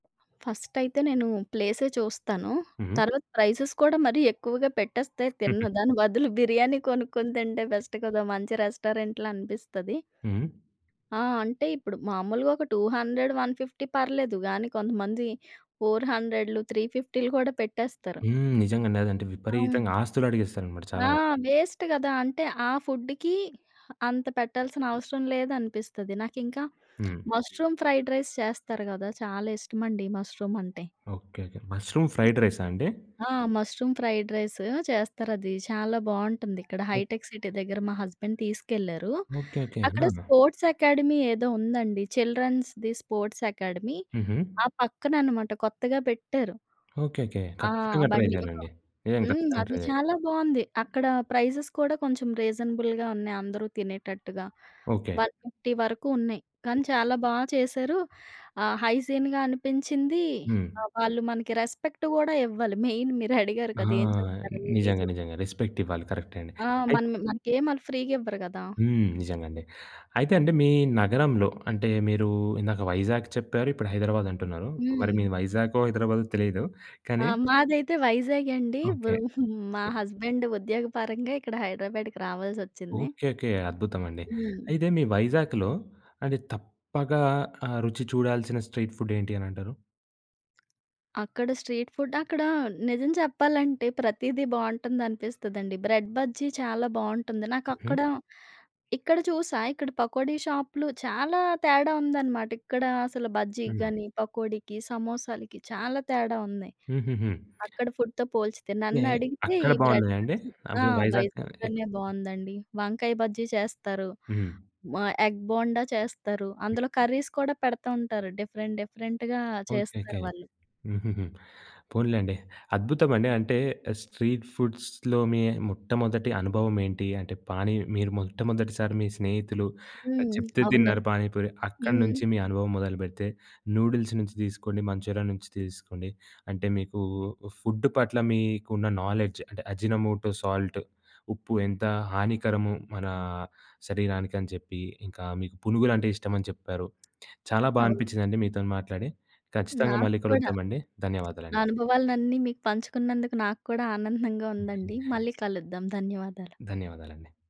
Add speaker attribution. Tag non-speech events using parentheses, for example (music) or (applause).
Speaker 1: First అయితే నేను ప్లేసే చూస్తాను.
Speaker 2: హుహు.
Speaker 1: తర్వాత ప్రైసెస్ కూడా మరి ఎక్కువగా పెట్టేస్తే తినను.
Speaker 2: (giggles)
Speaker 1: దాని బదులు బిర్యానీ కొనుక్కొని తింటే బెస్ట్ కదా! మంచి రెస్టారెంట్‌లో అనిపిస్తది.
Speaker 2: హ్మ్.
Speaker 1: ఆ! అంటే ఇప్పుడు మామూలుగా ఒక 200, 150 పర్లేదు గాని కొంతమంది ఫోర్ హండ్రెడ్లు, త్రీ ఫిఫ్టీలు కూడా పెట్టేస్తారు.
Speaker 2: హ్మ్. నిజంగండి. అదంటే విపరీతంగా
Speaker 1: అవును.
Speaker 2: ఆస్తులడిగేస్తారమాట చాలా
Speaker 1: ఆ!
Speaker 2: మంది.
Speaker 1: వేస్ట్ గదా! అంటే ఆ ఫుడ్‌కి అంత పెట్టాల్సినవసరం లేదనిపిస్తది. నాకింక
Speaker 2: హ్మ్.
Speaker 1: మష్రూమ్ ఫ్రైడ్ రైస్ చేస్తారు గదా! చాలా ఇష్టమండి మష్రూమ్ అంటే.
Speaker 2: ఓకే. ఓకే. ముష్రూమ్ ఫ్రైడ్ రైసాండి?
Speaker 1: ఆ! మష్రూమ్ ఫ్రైడ్ రైస్ చేస్తారది. చాలా బాగుంటుందిక్కడ
Speaker 2: ఓహ్!
Speaker 1: హైటెక్ సిటీ దగ్గర మా హస్బెండ్ తీసుకెళ్లారు.
Speaker 2: ఓకే. ఓకే.
Speaker 1: అక్కడ
Speaker 2: ఆ!
Speaker 1: స్పోర్ట్స్ అకాడమీ ఏదో ఉందండి చిల్డ్రన్స్‌ది స్పోర్ట్స్ అకాడమీ
Speaker 2: హుహు.
Speaker 1: ఆ పక్కననమాట కొత్తగా పెట్టారు.
Speaker 2: ఓకే. ఓకే.
Speaker 1: ఆ!
Speaker 2: ఖచ్చితంగా ట్రై
Speaker 1: బండి.
Speaker 2: జేయాలండి. నిజంగా
Speaker 1: హ్మ్.
Speaker 2: ఖచ్చితంగా ట్రై
Speaker 1: అది
Speaker 2: జేయాలి.
Speaker 1: చాలా బాగుంది. అక్కడ ప్రైజెస్ కూడా కొంచెం రీజనబుల్‌గా ఉన్నాయి అందరూ తినేటట్టుగా.
Speaker 2: ఓకే.
Speaker 1: 150 వరకు ఉన్నాయి. కానీ చాలా బాగా చేశారు. ఆహ్, హైజీన్‌గా అనిపించింది.
Speaker 2: హ్మ్.
Speaker 1: ఆహ్, వాళ్ళు మనకి రెస్పెక్ట్ గూడా ఇవ్వాలి మెయిన్ మీరుడిగారు
Speaker 2: ఆ!
Speaker 1: కదా! ఏం చేస్తారని ఇది
Speaker 2: నిజంగా.
Speaker 1: చూస్తా.
Speaker 2: నిజంగా. రెస్పెక్ట్ ఇవ్వాలి కరెక్టే అండి.
Speaker 1: ఆ!
Speaker 2: అయ్
Speaker 1: మన మనకేమి వాళ్ళు ఫ్రీగివ్వరు గదా!
Speaker 2: హ్మ్. నిజంగండి. అయితే అండి మీ నగరంలో అంటే మీరు ఇందాక వైజాగ్ చెప్పారు ఇప్పుడు హైదరాబాద్ అంటున్నారు. మరి
Speaker 1: హ్మ్.
Speaker 2: మీరు వైజాగో, హైదరాబాదో తెలియదు.
Speaker 1: ఆ!
Speaker 2: కానీ
Speaker 1: మాదైతే వైజాగ్ అండి.
Speaker 2: ఓకే.
Speaker 1: వృ (giggles) మా హస్బెండ్ ఉద్యోగపరంగా ఇక్కడ హైదరాబాద్‌కి రావాల్సోచ్చింది.
Speaker 2: ఓకే. ఓకే. అద్భుతమండి.
Speaker 1: హ్మ్.
Speaker 2: అయితే మీ వైజాగ్‌లో అది తప్పగా ఆహ్, రుచి చూడాల్సిన స్ట్రీట్ ఫుడ్ ఏంటి అని అంటారు?
Speaker 1: అక్కడ స్ట్రీట్ ఫుడ్ అక్కడ నిజం చెప్పాలంటే, ప్రతీదీ బావుంటుందనిపిస్తదండి బ్రెడ్ బజ్జీ చాలా బావుంటుంది.
Speaker 2: హుహు.
Speaker 1: నాకక్కడ ఇక్కడ చూసా ఇక్కడ పకోడీ షాపులు చాలా తేడా ఉందన్నమాట. ఇక్కడ అసలు బజ్జీకి
Speaker 2: హ్మ్.
Speaker 1: గాని, పకోడీకి సమోసాలకి చాలా తేడా ఉంది.
Speaker 2: హుహుహు.
Speaker 1: అక్కడ ఫుడ్‌తో పోల్చితే
Speaker 2: ఏ
Speaker 1: నన్నడిగితే
Speaker 2: అక్కడ
Speaker 1: ఈ బ్రెడ్
Speaker 2: బాగున్నాయ అండి?
Speaker 1: బజ్జి ఆ!
Speaker 2: అవి వైజాగ్ ఎక్
Speaker 1: వైజాగ్‌లోనే బాగవుందండి. వంకాయ బజ్జీ చేస్తారు.
Speaker 2: హ్మ్.
Speaker 1: మా ఎగ్ బోండా చేస్తారు.
Speaker 2: హ్మ్.
Speaker 1: అందులో కర్రీస్ కూడా పెడతా ఉంటారు. డిఫరెంట్, డిఫరెంట్‌గా
Speaker 2: ఓకే.
Speaker 1: చేస్తారు
Speaker 2: ఓకే.
Speaker 1: వాళ్ళు.
Speaker 2: హుహుహు. పోనీలెండి. అద్భుతమండి. అంటే స్ట్రీట్ ఫుడ్స్‌లో మీ మొట్టమొదటి అనుభవమేంటి అంటే పానీ మీరు మొట్టమొదటిసారి మీ స్నేహితులు
Speaker 1: హ్మ్.
Speaker 2: చెప్తే
Speaker 1: అవునండి.
Speaker 2: తిన్నారు పానీపూరి. అక్కడ
Speaker 1: హుహు.
Speaker 2: నుంచి మీ అనుభవం మొదలుపెడితే నూడిల్స్ నుంచి తీస్కొని మంచూరియా నుంచి తీస్కొకోండి అంటే, మీకు ఫుడ్ పట్ల మీకున్న నోలెడ్జ్ అంటే అజినమోటో సాల్ట్ ఉప్పు ఎంత హానికరము మన శరీరానికి అని చెప్పి, ఇంకా మీకు పునుగులంటే ఇష్టమని చెప్పారు. చాలా బాగా
Speaker 1: అవును.
Speaker 2: అనిపించిందండి మీతోని మాట్లాడి. ఖచ్చితంగా
Speaker 1: నాకు
Speaker 2: మళ్ళీ
Speaker 1: కూడా
Speaker 2: కలుద్దామండి.
Speaker 1: నా
Speaker 2: ధన్యవాదాలండి.
Speaker 1: అనుభవాలనన్నీ మీకు పంచుకున్నందుకు నాకు కూడా ఆనందంగా ఉందండి.
Speaker 2: (chuckles)
Speaker 1: మళ్ళీ కలుద్దాం. ధన్యవాదాలు.
Speaker 2: ధన్యవాదాలండి.